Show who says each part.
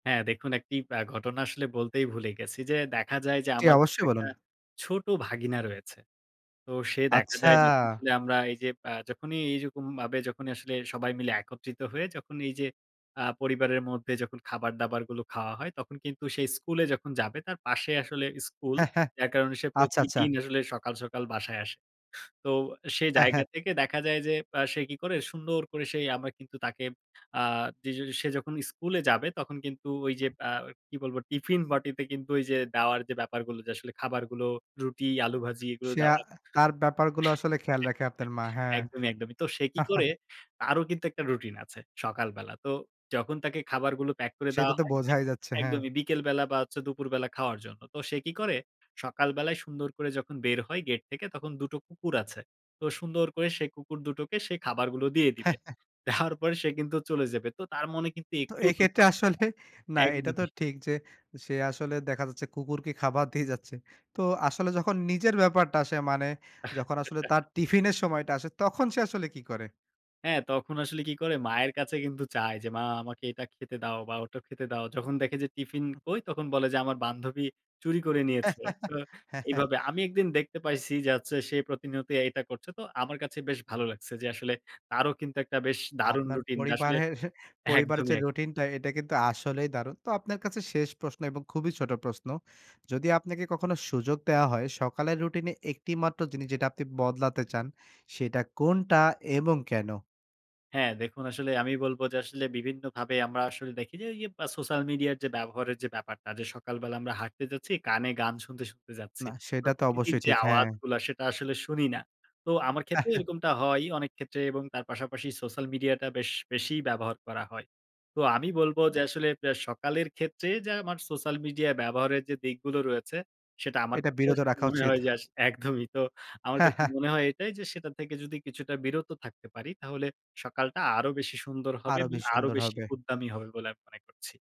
Speaker 1: হ্যাঁ, দেখুন, একটি আ ঘটনা আসলে বলতেই ভুলে গেছি। যে দেখা যায় যে
Speaker 2: জি,
Speaker 1: আমার
Speaker 2: অবশ্যই
Speaker 1: একটা
Speaker 2: বলুন।
Speaker 1: ছোট ভাগিনা রয়েছে। তো সে দেখা
Speaker 2: আচ্ছা।
Speaker 1: যায়, যখন আসলে আমরা এই যে, আ যখনই এইরকমভাবে, যখনই আসলে সবাই মিলে একত্রিত হয়ে, যখন এই যে আ পরিবারের মধ্যে যখন খাবার দাবারগুলো খাওয়া হয়, তখন কিন্তু সে স্কুলে যখন যাবে, তার পাশে আসলে স্কুল। যার কারণে সে
Speaker 2: আচ্ছ, আচ্ছা।
Speaker 1: প্রতিদিন আসলে সকাল, সকাল বাসায় আসে। তো সেই
Speaker 2: হ্যাঁ,
Speaker 1: জায়গা
Speaker 2: হ্যাঁ।
Speaker 1: থেকে দেখা যায় যে, আ সে কি করে? সুন্দর করে, সে আমরা কিন্তু তাকে আ যে সে যখন স্কুলে যাবে, তখন কিন্তু ওই যে আ কি বলবো? টিফিন বাটিতে কিন্তু ওই যে, দাওয়ার যে ব্যাপারগুলো, যে আসলে খাবারগুলো, রুটি, আলু ভাজি, এগুলো
Speaker 2: সে আ
Speaker 1: দেওয়ার
Speaker 2: তার ব্যাপার গুলো আসলে খেয়াল রাখে, আপনার মা। হ্যাঁ।
Speaker 1: একদমই, একদমই। তো সে কি করে? তারও কিন্তু একটা রুটিন আছে সকালবেলা। তো যখন তাকে খাবারগুলো প্যাক করে
Speaker 2: সেটা
Speaker 1: দেওয়া
Speaker 2: তো
Speaker 1: হয়
Speaker 2: বোঝাই যাচ্ছে, হ্যাঁ।
Speaker 1: একদমই। বিকেলবেলা বা হচ্ছে দুপুরবেলা খাওয়ার জন্য। তো সে কি করে? সকালবেলায় সুন্দর করে যখন বের হয় গেট থেকে, তখন দুটো কুকুর আছে। তো সুন্দর করে সে কুকুর দুটোকে সে খাবারগুলো দিয়ে দিবে। দেওয়ার পরে সে কিন্তু চলে যাবে। তো তার মনে কিন্তু
Speaker 2: তো
Speaker 1: একটুও
Speaker 2: এই
Speaker 1: দুঃখ
Speaker 2: ক্ষেত্রে
Speaker 1: থাকে না
Speaker 2: আসলে না, এটা তো
Speaker 1: একদমই।
Speaker 2: ঠিক যে, সে আসলে দেখা যাচ্ছে কুকুরকে খাবার দিয়ে যাচ্ছে। তো আসলে যখন নিজের ব্যাপারটা আসে, মানে যখন আসলে তার টিফিনের সময়টা আসে, তখন সে আসলে কী করে?
Speaker 1: হ্যাঁ, তখন আসলে কি করে? মায়ের কাছে কিন্তু চায় যে, "মা আমাকে এটা খেতে দাও বা ওটা খেতে দাও।" যখন দেখে যে, "টিফিন কই?" তখন বলে যে, "আমার বান্ধবী চুরি করে নিয়েছে।" তো
Speaker 2: হ্যাঁ, হ্যাঁ।
Speaker 1: এইভাবে। আমি একদিন দেখতে পাইছি যে আচ্ছা, সে প্রতিনিয়তই এটা করছে। তো আমার কাছে বেশ ভালো লাগছে যে, আসলে তারও কিন্তু একটা বেশ দারুণ
Speaker 2: আপনার
Speaker 1: রুটিন, আসলে
Speaker 2: পরিবারের, পরিবারের
Speaker 1: একদমই,
Speaker 2: যে
Speaker 1: একদমই।
Speaker 2: রুটিনটা, এটা কিন্তু আসলেই দারুণ। তো আপনার কাছে শেষ প্রশ্ন এবং খুবই ছোট প্রশ্ন। যদি আপনাকে কখনো সুযোগ দেওয়া হয়, সকালের রুটিনে একটি মাত্র জিনিস, যেটা আপনি বদলাতে চান। সেটা কোনটা এবং কেন?
Speaker 1: হ্যাঁ। দেখুন, আসলে আমি বলব যে আসলে বিভিন্নভাবে আমরা আসলে দেখি যে, ওই যে আ সোশ্যাল মিডিয়ার যে ব্যবহারের যে ব্যাপারটা, যে সকালবেলা আমরা হাঁটতে যাচ্ছি, কানে গান শুনতে, শুনতে যাচ্ছি।
Speaker 2: না, সেটা তো
Speaker 1: প্রকৃতির
Speaker 2: অবশ্যই
Speaker 1: যে
Speaker 2: ঠিক। হ্যাঁ।
Speaker 1: আওয়াজগুলা সেটা আসলে শুনি না। তো আমার ক্ষেত্রেও এরকমটা হয়ই অনেক ক্ষেত্রে এবং তার পাশাপাশি সোশ্যাল মিডিয়াটা বেশ, বেশি ব্যবহার করা হয়। তো আমি বলব যে, আসলে অ্যা সকালের ক্ষেত্রে যে আমার সোশ্যাল মিডিয়া ব্যবহারের যে দিকগুলো রয়েছে, সেটা আমার
Speaker 2: এটা
Speaker 1: কাছে
Speaker 2: বিরত
Speaker 1: আসলে
Speaker 2: রাখা
Speaker 1: মনে
Speaker 2: উচিত।
Speaker 1: হয় যে আসলে একদমই। তো আমার কাছে মনে হয় এটাই যে, সেটা থেকে যদি কিছুটা বিরত থাকতে পারি, তাহলে সকালটা আরো বেশি সুন্দর হবে
Speaker 2: আরো
Speaker 1: এবং
Speaker 2: বেশী
Speaker 1: আরো
Speaker 2: সুন্দর
Speaker 1: বেশি
Speaker 2: হবে।
Speaker 1: উদ্দামি হবে বলে আমি মনে করছি।